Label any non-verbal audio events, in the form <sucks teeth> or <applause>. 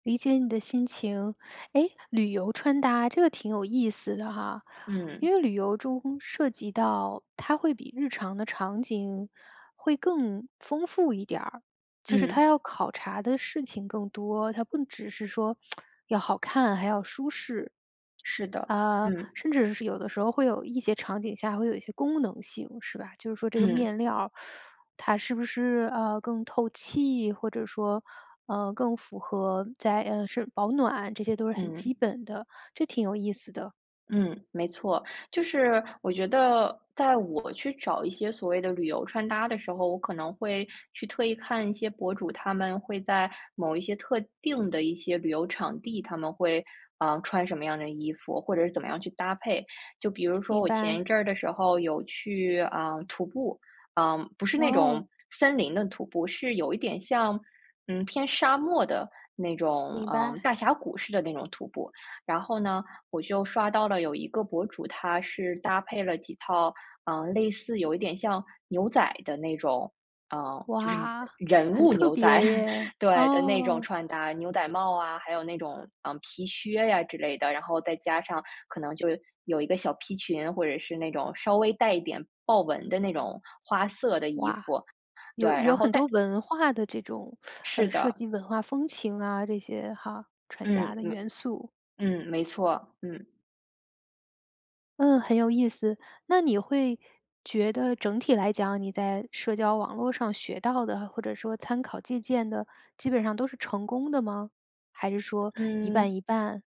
理解你的心情，诶，旅游穿搭，这个挺有意思的哈，嗯。因为旅游中，涉及到它会比日常的场景会更丰富一点儿，就是它嗯。要考察的事情更多，它不只是说 <tsk> 要好看，还要舒适。是的，啊，嗯。甚至是有的时候会有一些场景下会有一些功能性，是吧？就是说这个嗯。面料儿，<sucks teeth> 它是不是，啊，更透气或者说，嗯，更符合在呃，是保暖，这些都是很嗯。基本的，这挺有意思的。嗯，没错，就是我觉得在我去找一些所谓的旅游穿搭的时候，我可能会去特意看一些博主，他们会在某一些特定的一些旅游场地，他们会，啊，穿什么样的衣服或者是怎么样去搭配。就比如说明我前一白。阵儿的时候有去，啊，徒步，啊，不是那哦。种森林的徒步，是有一点像嗯，偏沙漠的那种，明嗯，白。大峡谷似的那种徒步，然后呢，我就刷到了有一个博主，他是搭配了几套，呃，类似有一点像牛仔的那种嗯，就是哇，人很物特牛仔，别 <chuckles> 耶，对，的那种哦。穿搭，牛仔帽啊，还有那种，嗯，皮靴呀之类的，然后再加上可能就有一个小皮裙，或者是那种稍微带一点豹纹的那种花色的衣哇，服，对，有然有后很但多文化的这种 <sucks teeth> 是呃，涉的。及文化风情啊这些，哈，传达嗯的嗯。元素。嗯，没错，嗯。嗯，很有意思。那你会觉得整体来讲你在社交网络上学到的，或者说参考借鉴的，基本上都是成功的吗？还是说一嗯。半一半？